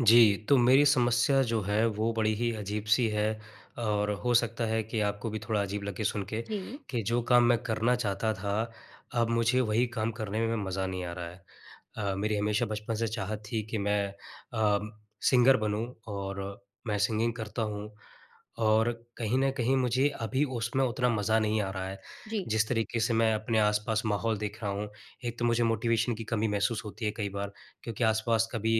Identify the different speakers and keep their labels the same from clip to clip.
Speaker 1: जी, तो मेरी समस्या जो है, वो बड़ी ही अजीब-सी है और हो सकता है कि आपको भी थोड़ा अजीब लगे सुन के,
Speaker 2: जी।
Speaker 1: कि जो काम मैं करना चाहता था, अब मुझे वही काम करने में मज़ा नहीं आ रहा है। अ, मेरी हमेशा बचपन से चाहत थी कि मैं अ, सिंगर बनूँ और मैं सिंगिंग करता हूँ। और कहीं न कहीं मुझे अभी उसमें उतना मज़ा नहीं आ रहा है,
Speaker 2: जी।
Speaker 1: जिस तरीके से मैं अपने आसपास माहौल देख रहा हूँ, एक तो मुझे मोटिवेशन की कमी महसूस होती है कई बार। क्योंकि आसपास कभी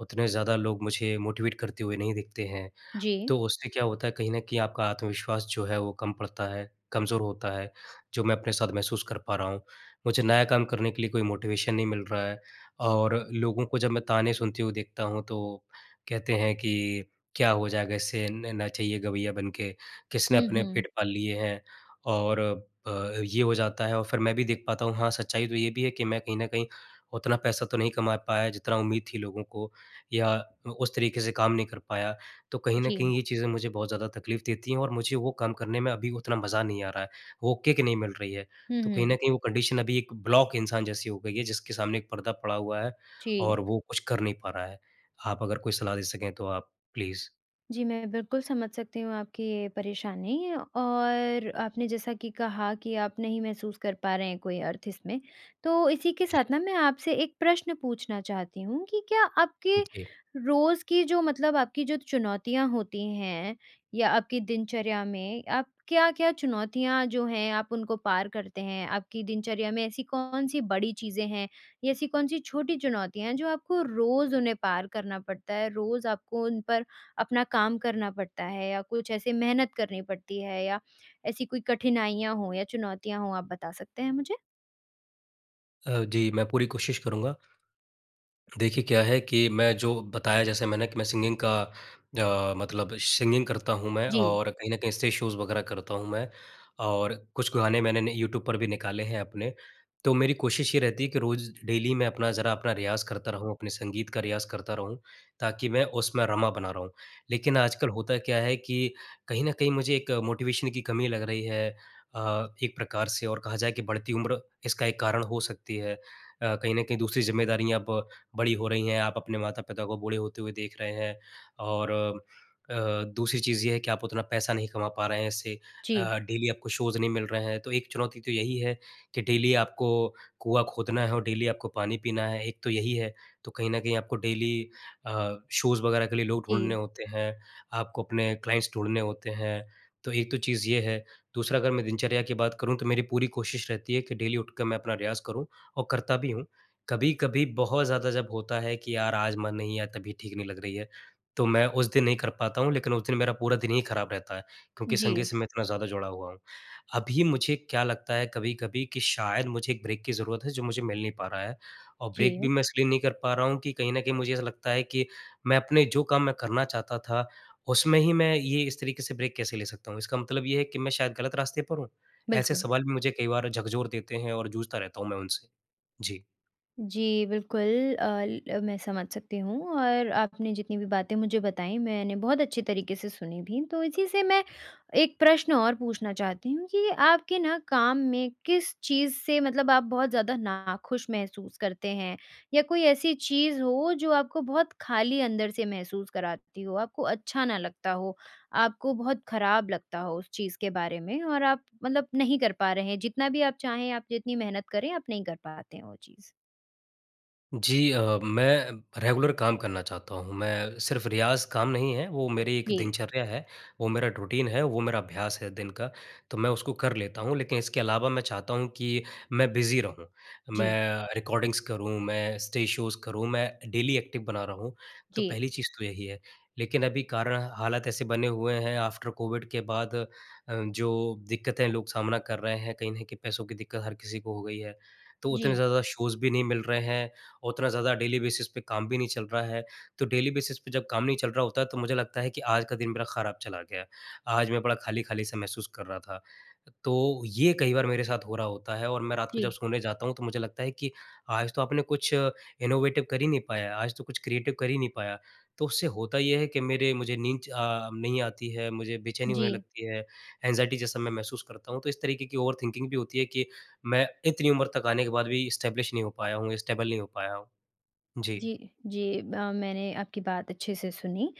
Speaker 1: उतने ज़्यादा लोग मुझे मोटिवेट करते हुए नहीं दिखते हैं,
Speaker 2: जी।
Speaker 1: तो उससे क्या होता है, कहीं न कहीं आपका आत्मविश्वास जो है वो कम पड़ता है, कमज़ोर होता है, जो मैं अपने साथ महसूस कर पा रहा हूँ। मुझे
Speaker 2: जी।
Speaker 1: नया काम करने के लिए कोई मोटिवेशन नहीं मिल रहा है और लोगों को जब मैं ताने सुनते हू देखता हूँ, तो, कहते हैं कि, क्या हो जाएगा इससे? न नचइया-गवैया बन के? किसने
Speaker 2: हुँ,
Speaker 1: अपने
Speaker 2: हुँ।
Speaker 1: पेट पाल लिए हैं? और अ, ये हो जाता है और फिर मैं भी देख पाता हूँ, हाँ, सच्चाई तो ये भी है कि मैं कहीं न कहीं उतना पैसा तो नहीं कमा पाया, जितना उम्मीद थी लोगों को या उस तरीके से काम नहीं कर पाया, तो कहीं न
Speaker 2: जी।
Speaker 1: कहीं ये चीज़ें मुझे बहुत ज़्यादा तकलीफ़ देती हैं और मुझे वो काम करने में अभी उतना मज़ा नहीं आ रहा है, वो किक नहीं मिल रही है।
Speaker 2: हुँ,
Speaker 1: तो कहीं
Speaker 2: हुँ।
Speaker 1: न कहीं वो कंडीशन अभी एक ब्लॉक इंसान जैसी हो गई है, जिसके सामने एक पर्दा पड़ा हुआ है
Speaker 2: जी।
Speaker 1: और वो कुछ कर नहीं पा रहा है। आप अगर कोई सलाह दे सकें तो आप, प्लीज़।
Speaker 2: जी मैं बिल्कुल समझ सकती हूँ आपकी ये परेशानी और आपने जैसा कि कहा कि आप नहीं महसूस कर पा रहे हैं कोई अर्थ इसमें। तो इसी के
Speaker 1: जी।
Speaker 2: साथ ना मैं आपसे एक प्रश्न पूछना चाहती हूँ कि क्या आपके
Speaker 1: जी।
Speaker 2: रोज़ की जो मतलब आपकी जो चुनौतियाँ होती हैं या आपकी दिनचर्या में, आप क्या-क्या चुनौतियाँ जो हैं आप उनको पार करते हैं? आपकी दिनचर्या में ऐसी कौन-सी बड़ी चीज़ें हैं या ऐसी कौन सी छोटी चुनौतियाँ हैं जो आपको रोज़ उन्हें पार करना पड़ता है? रोज़ आपको उन पर अपना काम करना पड़ता है या कुछ ऐसे मेहनत करनी पड़ती है या ऐसी कोई कठिनाइयाँ हों या चुनौतियाँ हों आप बता सकते हैं मुझे?
Speaker 1: अ, जी मैं पूरी कोशिश करूँगा। देखिए क्या है कि मैं जो बताया जैसे मैंने कि मैं सिंगिंग का अ, मतलब सिंगिंग करता हूँ मैं
Speaker 2: जी।
Speaker 1: और कहीं न कहीं स्टेज शोज़ वग़ैरह करता हूँ मैं। और कुछ गाने मैंने न यूट्यूब पर भी निकाले हैं अपने। तो मेरी कोशिश ये रहती है कि रोज़ डेली मैं अपना ज़रा अपना रियाज़ करता रहूँ, अपने संगीत का रियाज़ करता रहूँ। ताकि मैं उसमें रमा बना रहा हूँ। लेकिन आजकल होता क्या है कि कहीं न कहीं मुझे एक मोटिवेशन की कमी लग रही है। अ, एक प्रकार से और कहा जाए कि बढ़ती उम्र इसका एक कारण हो सकती है। अ, कहीं न कहीं दूसरी ज़िम्मेदारियाँ अब बड़ी हो रही हैं। आप अपने माता-पिता को बूढ़े होते हुए देख रहे हैं और अ, दूसरी चीज़ ये है कि आप उतना पैसा नहीं कमा पा रहे हैं इससे।
Speaker 2: जी।
Speaker 1: अ, डेली आपको शोज़ नहीं मिल रहे हैं। तो एक चुनौती तो यही है कि डेली आपको कुआँ खोदना है और डेली आपको पानी पीना है, एक तो यही है। तो कहीं न कहीं आपको डेली अ, शोज़ वग़ैरह के लिए लोग ढूँढने
Speaker 2: जी।
Speaker 1: होते हैं, आपको अपने क्लाइंट्स ढूँढने होते हैं। तो एक तो चीज़ ये है, दूसरा अगर मैं दिनचर्या की बात करूँ तो मेरी पूरी कोशिश रहती है कि डेली उठ के मैं अपना रियाज़ करूँ और करता भी हूँ। कभी-कभी बहुत ज़्यादा जब होता है कि यार आज मन नहीं या तबीयत ठीक नहीं लग रही है। तो मैं उस दिन नहीं कर पाता हूँ, लेकिन उस दिन मेरा पूरा दिन ही खराब रहता है। क्योंकि संगीत
Speaker 2: जी।
Speaker 1: से मैं इतना ज़्यादा जुड़ा हुआ हूँ। अभी मुझे क्या लगता है कभी-कभी कि शायद मुझे एक ब्रेक की ज़रूरत है जो मुझे मिल नहीं पा रहा है। और ब्रेक भी
Speaker 2: जी।
Speaker 1: मैं इसलिए नहीं कर पा रहा हूँ कि कहीं न कहीं मुझे ऐसा लगता है कि मैं अपने जो काम मैं करना चाहता था, उसमें ही मैं ये इस तरीके से ब्रेक कैसे ले सकता हूँ? इसका मतलब ये है कि मैं शायद गलत रास्ते पर हूँ? ऐसे
Speaker 2: बिल्कुल।
Speaker 1: सवाल भी मुझे कई बार झकझोर देते हैं और जूझता रहता हूँ मैं उनसे। जी।
Speaker 2: जी, बिल्कुल अ, ल मैं समझ सकती हूँ और आपने जितनी भी बातें मुझे बताई मैंने बहुत अच्छी तरीक़े से सुनी भी। तो इसी से मैं एक प्रश्न और पूछना चाहती हूँ कि आपके ना काम में किस चीज़ से मतलब आप बहुत ज़्यादा नाख़ुश महसूस करते हैं? या कोई ऐसी चीज़ हो जो आपको बहुत खाली अंदर से महसूस कराती हो आपको अच्छा ना लगता हो, आपको बहुत खराब लगता हो उस चीज़ के बारे में और आप मतलब नहीं कर पा रहे हैं जितना भी आप चाहें आप जितनी मेहनत करें आप नहीं कर पाते हैं वो चीज़?
Speaker 1: जी अ, मैं रेगुलर काम करना चाहता हूँ। मैं सिर्फ़ रियाज़ काम नहीं है वो मेरी एक
Speaker 2: जी।
Speaker 1: दिनचर्या है। वो मेरा रूटीन है वो मेरा अभ्यास है दिन का, तो मैं उसको कर लेता हूँ लेकिन इसके अलावा मैं चाहता हूँ कि मैं बिज़ी रहूँ।
Speaker 2: जी।
Speaker 1: मैं रिकॉर्डिंग्स करूँ मैं स्टेज शोज़ करूँ मैं डेली एक्टिव बना रहा हूँ, तो
Speaker 2: जी।
Speaker 1: पहली चीज़ तो यही है। लेकिन अभी कारणा हालात ऐसे बने हुए हैं आफ़्टर कोविड के बाद अ, जो दिक्कतें लोग सामना कर रहे हैं कहीं न कहीं पैसों की दिक्कत हर किसी को हो गई है। तो उतने
Speaker 2: जी।
Speaker 1: ज़्यादा शोज़ भी नहीं मिल रहे हैं, उतना ज़्यादा डेली बेसिस पे काम भी नहीं चल रहा है। तो डेली बेसिस पे जब काम नहीं चल रहा होता है तो मुझे लगता है कि आज का दिन मेरा खराब चला गया। आज मैं बड़ा खाली-खाली सा महसूस कर रहा था। तो, ये कई बार मेरे साथ हो रहा होता है और मैं रात को जब
Speaker 2: जी।
Speaker 1: सोने जाता हूँ तो मुझे लगता है कि आज तो आपने कुछ इनोवेटिव कर ही नहीं पाया, आज तो कुछ क्रिएटिव कर ही नहीं पाया। तो उससे होता ये है कि मेरे मुझे नींद च अ, नहीं आती है, मुझे बेचैनी होने
Speaker 2: जी।
Speaker 1: लगती है, एंज़ाइटी जैसा मैं महसूस करता हूँ, तो इस तरीक़े की ओवरथिंकिंग भी होती है कि मैं इतनी उम्र तक आने के बाद भी इस्टैब्लिश नहीं हो पाया हूँ, स्टेबल नहीं हो पाया हूँ, जी।
Speaker 2: जी, जी ब मैंने आपकी बात अच्छे से सुनी,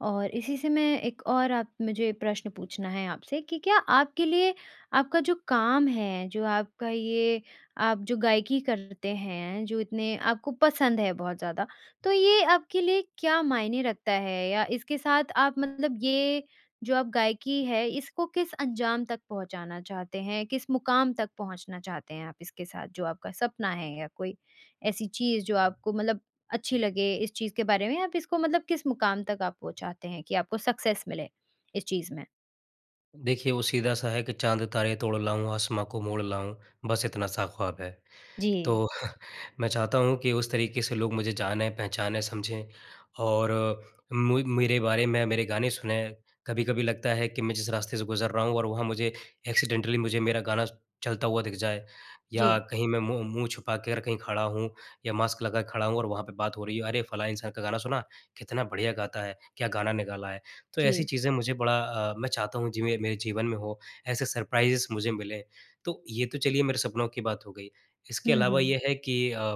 Speaker 2: और इसी से मैं एक और आप मुझे प्रश्न पूछना है आपसे कि क्या आपके लिए आपका जो काम है जो आपका ये आप जो गायकी करते हैं जो इतने आपको पसंद है बहुत ज़्यादा तो ये आपके लिए क्या मायने रखता है? या इसके साथ आप मतलब ये जो आप गायकी हैं इसको किस अंजाम तक पहुँचाना चाहते हैं? किस मुक़ाम तक पहुँचना चाहते हैं आप इसके साथ जो आपका सपना है या कोई ऐसी चीज़ जो आपको मतलब अच्छी लगे इस चीज़ के बारे में आप इसको मतलब किस मुक़ाम तक आप पहुँचाते हैं कि आपको सक्सेस मिले इस चीज़ में?
Speaker 1: देखिए, वो सीधा-सा है कि चाँद-तारे तोड़ लाऊँ, आसमाँ को मोड़ लाऊँ, बस इतना-सा ख़्वाब है।
Speaker 2: जी।
Speaker 1: तो, मैं चाहता हूँ कि उस तरीक़े से लोग मुझे जाने, पहचानें, समझें और मुइ मेरे बारे में मेरे गाने सुनें। कभी-कभी लगता है कि मैं जिस रास्ते से गुज़र रहा हूँ और वहाँ मुझे एक्सीडेंटली मुझे मेरा गाना चलता हुआ दिख जाए। या
Speaker 2: जी।
Speaker 1: कहीं मैं मु मुँह छुपाकर कहीं खड़ा हूँ या मास्क लगा के खड़ा हूँ और वहाँ पे बात हो रही है, अरे फलाँ इंसान का गाना सुना, कितना बढ़िया गाता है, क्या गाना निकाला है? तो ऐसी
Speaker 2: जी।
Speaker 1: चीज़ें मुझे बड़ा अ, मैं चाहता हूँ जीव अ, मेरे जीवन में हों, ऐसे सरप्राइज़ मुझे मिलें, तो ये तो चलिए मेरे सपनों की बात हो गई। इसके
Speaker 2: हुँ,
Speaker 1: अलावा
Speaker 2: हुँ।
Speaker 1: ये है कि अ,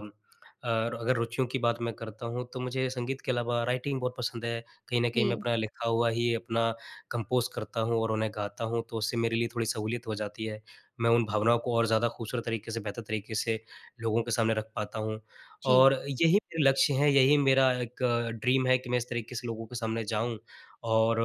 Speaker 1: और अगर रुचियों की बात मैं करता हूँ, तो मुझे संगीत के अलावा राइटिंग बहुत पसंद है, कहीं न कहीं मैं
Speaker 2: जी।
Speaker 1: अपना लिखा हुआ ही अपना कंपोज़ करता हूँ और उन्हें गाता हूँ, तो उससे मेरे लिए थोड़ी सहूलियत हो जाती है। मैं उन भावनाओं को और ज़्यादा खूबसूरत तरीक़े से, बेहतर तरीक़े से, लोगों के सामने रख पाता हूँ।
Speaker 2: जी।
Speaker 1: और यही मेरे लक्ष्य हैं, यही मेरा एक अ, ड्रीम है, कि मैं इस तरीक़े से लोगों के सामने जाऊँ और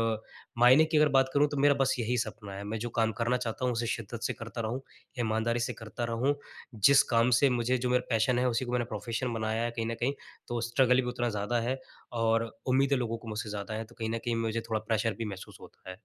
Speaker 1: मायने की अगर बात करूँ तो मेरा बस यही सपना है, मैं जो काम करना चाहता हूँ उसे शिद्दत से करता रहूँ, ईमानदारी से करता रहूँ। जिस काम से मुझे जो मेरा पैशन है, उसी को मैंने प्रोफ़ेशन बनाया है कहीं न कहीं, तो स्ट्रगल भी उतना ज़्यादा है और उम्मीदें लोगों को मुझसे ज़्यादा है। तो कहीं न कहीं मुझे थोड़ा प्रेशर भी महसूस होता है।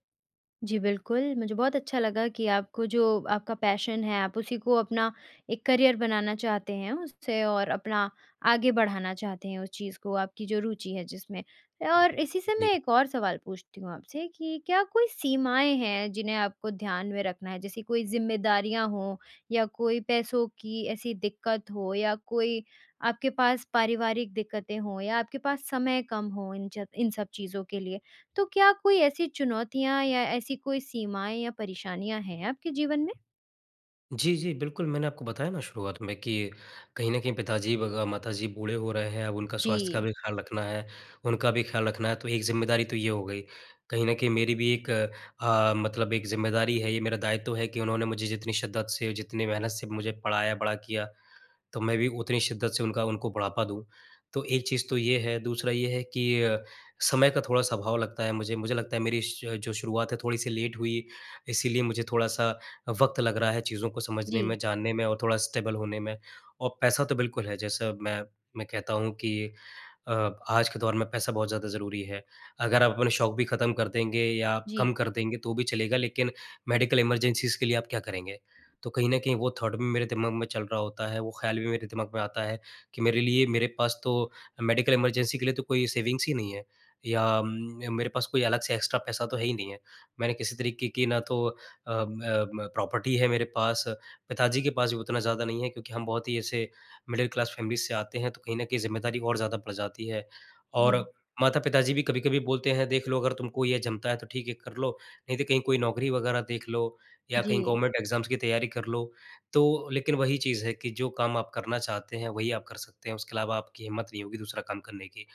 Speaker 2: जी बिल्कुल। मुझे बहुत अच्छा लगा कि आपको जो आपका पैशन है आप उसी को अपना एक करियर बनाना चाहते हैं उससे और अपना आगे बढ़ाना चाहते हैं उस चीज़ को आपकी जो रूचि है जिसमें। ए, और इसी से
Speaker 1: जी।
Speaker 2: मैं एक और सवाल पूछती हूँ आपसे कि क्या कोई सीमाएँ हैं जिन्हें आपको ध्यान में रखना है? जैसे कोई ज़िम्मेदारियाँ हो, या कोई पैसों की ऐसी दिक्कत हो या कोई आपके पास पारिवारिक दिक्कतें हों या आपके पास समय कम हो इन चब इन सब चीज़ों के लिए? तो क्या कोई ऐसी चुनौतियाँ या ऐसी कोई सीमाएँ या परेशानियाँ हैं आपके जीवन में?
Speaker 1: जी, जी बिल्कुल मैंने आपको बताया ना शुरुआत में कि कहीं न कहीं पिताजी ब ग माताजी बूढ़े हो रहे हैं अब उनका स्वास्थ्य का
Speaker 2: जी।
Speaker 1: भी ख़्याल रखना है। उनका भी ख़्याल रखना है तो एक ज़िम्मेदारी तो ये हो गई। कहीं न कहीं मेरी भी एक अ, मतलब एक ज़िम्मेदारी है ये मेरा दायित्व है कि उन्होंने मुझे जितनी शिद्दत से जितनी मेहनत से मुझे पढ़ाया बड़ा किया तो मैं भी उतनी शिद्दत से उनका उनको बढ़ापा दूँ। तो एक चीज़ तो ये है, दूसरा ये है कि अ, समय का थोड़ा-सा आभाव लगता है मुझे। मुझे लगता है मेरी श जो शुरुआत है थोड़ी सी लेट हुई, इसीलिए मुझे थोड़ा-सा वक़्त लग रहा है चीज़ों को समझने में,
Speaker 2: जी।
Speaker 1: जानने में और थोड़ा स्टेबल होने में। और पैसा तो बिल्कुल है जैसा मैं, मैं कहता हूँ कि अ, आज के दौर में पैसा बहुत ज़्यादा ज़रूरी है। अगर आप अपने शौक़ भी खत्म कर देंगे या
Speaker 2: जी।
Speaker 1: कम कर देंगे तो भी चलेगा लेकिन मेडिकल इमरजेंसीज़ के लिए आप क्या करेंगे? तो कहीं न कहीं वो थॉट भी मेरे दिमाग में चल रहा होता है, वो ख़्याल भी मेरे दिमाग में आता है कि मेरे लिए मेरे पास तो मेडिकल इमरजेंसी के लिए तो कोई सेविंग्स ही नहीं है। या उम, मेरे पास कोई अलग से एक्स्ट्रा पैसा तो है ही नहीं है। मैंने किसी तरीके की ना तो अ अ, प्रॉपर्टी है मेरे पास, पिताजी के पास भी उतना ज़्यादा नहीं है क्योंकि हम बहुत ही ऐसे, मिडल क्लास फैमिलीज़ से आते हैं। तो कहीं ना कहीं ज़िम्मेदारी और ज़्यादा बढ़ जाती है और
Speaker 2: जी।
Speaker 1: माता-पिता जी भी कभी-कभी बोलते हैं देख लो अगर तुमको ये जमता है तो ठीक है कर लो, नहीं तो कहीं कोई नौकरी वगैरह देख लो। या कहीं
Speaker 2: जी।
Speaker 1: गवर्नमेंट एग्ज़ाम्स की तैयारी कर लो। तो लेकिन वही चीज़ है कि जो काम आप करना चाहते हैं वही आप कर सकते हैं उसके अलावा आपकी हिम्मत नहीं होगी दूसरा काम करने की।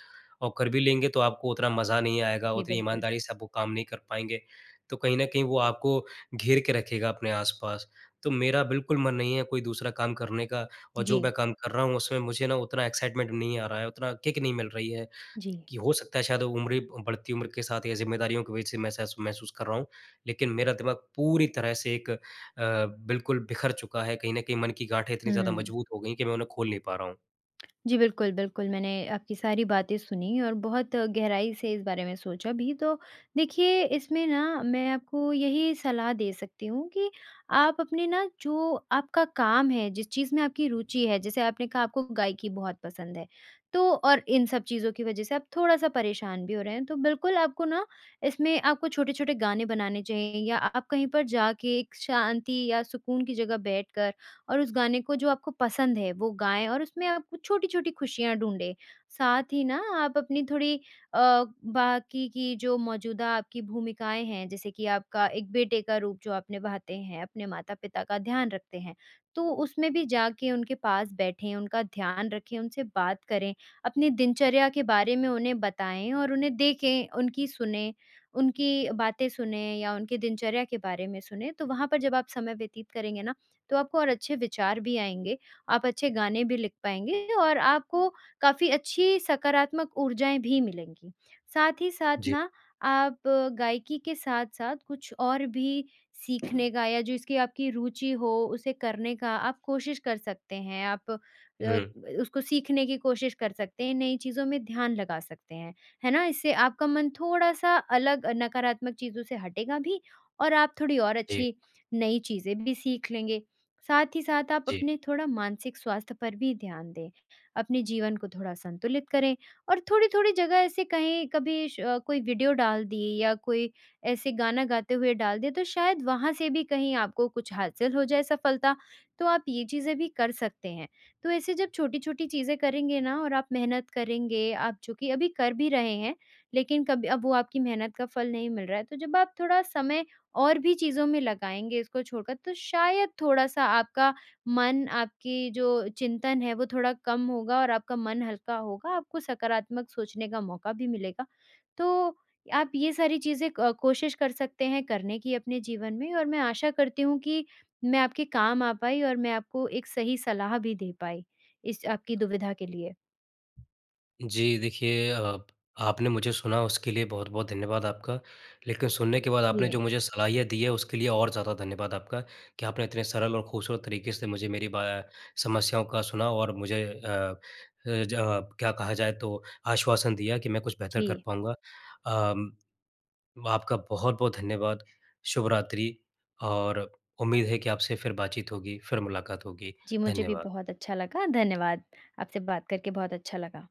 Speaker 1: और कर भी लेंगे तो आपको उतना मज़ा नहीं आएगा
Speaker 2: जी,
Speaker 1: उतनी
Speaker 2: बिल्कुल।
Speaker 1: ईमानदारी से आप वो काम नहीं कर पाएँगे। तो कहीं न कहीं वो आपको घेर के रखेगा अपने आस-पास। तो मेरा बिल्कुल मन नहीं है कोई दूसरा काम करने का और जो
Speaker 2: जी।
Speaker 1: मैं काम कर रहा हूँ उसमें मुझे ना उतना एक्साइटमेंट नहीं आ रहा है, उतना किक नहीं मिल रही है।
Speaker 2: जी।
Speaker 1: कि हो सकता है शायद वो उम्र बढ़ती उम्र के साथ या ज़िम्मेदारियों के बीच सी महसेस महसूस कर रहा हूँ। लेकिन मेरा दिमाग पूरी तरह से एक अ, बिल्कुल बिखर चुका है। कहीं न कहीं मन की गाठें इतनी ज़्यादा
Speaker 2: हुँ।
Speaker 1: मजबूत हो गई है कि मैं उन्हें खोल नहीं पा रहा हूँ।
Speaker 2: जी बिल्कुल, बिल्कुल मैंने आपकी सारी बातें सुनी और बहुत गहराई से इस बारे में सोचा भी। तो देखिए इसमें ना मैं आपको यही सलाह दे सकती हूँ कि आप अपने ना जो आपका काम है जिस चीज़ में आपकी रूचि है, जैसे आपने कहा आपको गायकी बहुत पसंद है। तो और इन सब चीज़ों की वजह से आप थोड़ा-सा परेशान भी हो रहे हैं। तो बिल्कुल आपको ना इसमें आपको छोटे-छोटे गाने बनाने चाहिए या आप कहीं पर जाके एक शांति या सुकून की जगह बैठकर और उस गाने को जो आपको पसंद है वो गाएँ और उसमें आप कुछ छोटी-छोटी खुशियाँ ढूँढें। साथ ही ना आप अपनी थोड़ी अ, बाकी की जो मौजूदा आपकी भूमिकाएँ हैं जैसे कि आपका एक बेटे का रूप जो आप निभाते हैं अपने माता-पिता का ध्यान रखते हैं। तो उसमें भी जाके उनके पास बैठें उनका ध्यान रखें उनसे बात करें। अपनी दिनचर्या के बारे में उन्हें बताएँ और उन्हें देखें, उनकी सुनें, उनकी बातें सुनें या उनकी दिनचर्या के बारे में सुनें। तो वहाँ वहाँ पर जब आप समय व्यतीत करेंगे ना, तो आपको और अच्छे विचार भी आएँगे। आप अच्छे गाने भी लिख पाएँगे और आपको काफ़ी अच्छी सकारात्मक ऊर्जाएँ भी मिलेंगी। साथ ही साथ
Speaker 1: जी।
Speaker 2: ना आप गायकी के साथ-साथ कुछ और भी सीखने का या जो इसकी आपकी रूचि हो उसे करने का आप कोशिश कर सकते हैं आप अ अ,
Speaker 1: हुँ।
Speaker 2: उसको सीखने की कोशिश कर सकते हैं नई चीज़ों में ध्यान लगा सकते हैं, है ना? इससे आपका मन थोड़ा-सा अलग नकारात्मक चीज़ों से हटेगा भी और आप थोड़ी और
Speaker 1: जी।
Speaker 2: अच्छी नई चीज़ें भी सीख लेंगे। साथ ही साथ आप
Speaker 1: जी।
Speaker 2: अपने थोड़ा मानसिक स्वास्थ्य पर भी ध्यान दें। अपने जीवन को थोड़ा संतुलित करें और थोड़ी-थोड़ी जगह ऐसे कहीं कभी श कोई वीडियो डाल दिए, या कोई ऐसे गाना गाते हुए डाल दिया तो शायद वहाँ से भी कहीं आपको कुछ हासिल हो जाए सफलता। तो आप ये चीज़ें भी कर सकते हैं। तो ऐसे जब छोटी-छोटी चीज़ें करेंगे ना और आप मेहनत करेंगे आप जो कि अभी कर भी रहे हैं। लेकिन कभी अब वो आपकी मेहनत का फल नहीं मिल रहा है। तो जब आप थोड़ा समय और भी चीज़ों में लगाएँगे इसको छोड़ कर। तो शायद थोड़ा-सा आपका मन आपकी जो चिंतन है वो थोड़ा कम होगा और आपका मन हल्का होगा आपको सकारात्मक सोचने का मौका भी मिलेगा। तो, आप ये सारी चीज़ें क कोशिश कर सकते हैं करने की अपने जीवन में और मैं आशा करती हूँ कि मैं आपके काम आ पाई और मैं आपको एक सही सलाह भी दे पाई, इस आपकी दुविधा के लिए।
Speaker 1: जी, देखिए अ, आपने मुझे सुना उसके लिए बहुत-बहुत धन्यवाद आपका। लेकिन सुनने के बाद आपने
Speaker 2: जी।
Speaker 1: जो मुझे सलाहियाँ दी है उसके लिए और ज़्यादा धन्यवाद आपका, कि आपने इतने सरल और खूबसूरत तरीके से मुझे मेरी बा अ, समस्याओं का सुना और मुझे अ अ, ज क्या कहा जाए तो आश्वासन दिया कि मैं कुछ बेहतर कर
Speaker 2: जी।
Speaker 1: पाऊँगा। अ, आपका बहुत-बहुत धन्यवाद। शुभरात्रि और उम्मीद है कि आपसे फिर बातचीत होगी, फिर मुलाकात होगी,
Speaker 2: जी, मुझे भी
Speaker 1: धन्यवाद।
Speaker 2: बहुत अच्छा लगा, धन्यवाद। आपसे बात करके बहुत अच्छा लगा।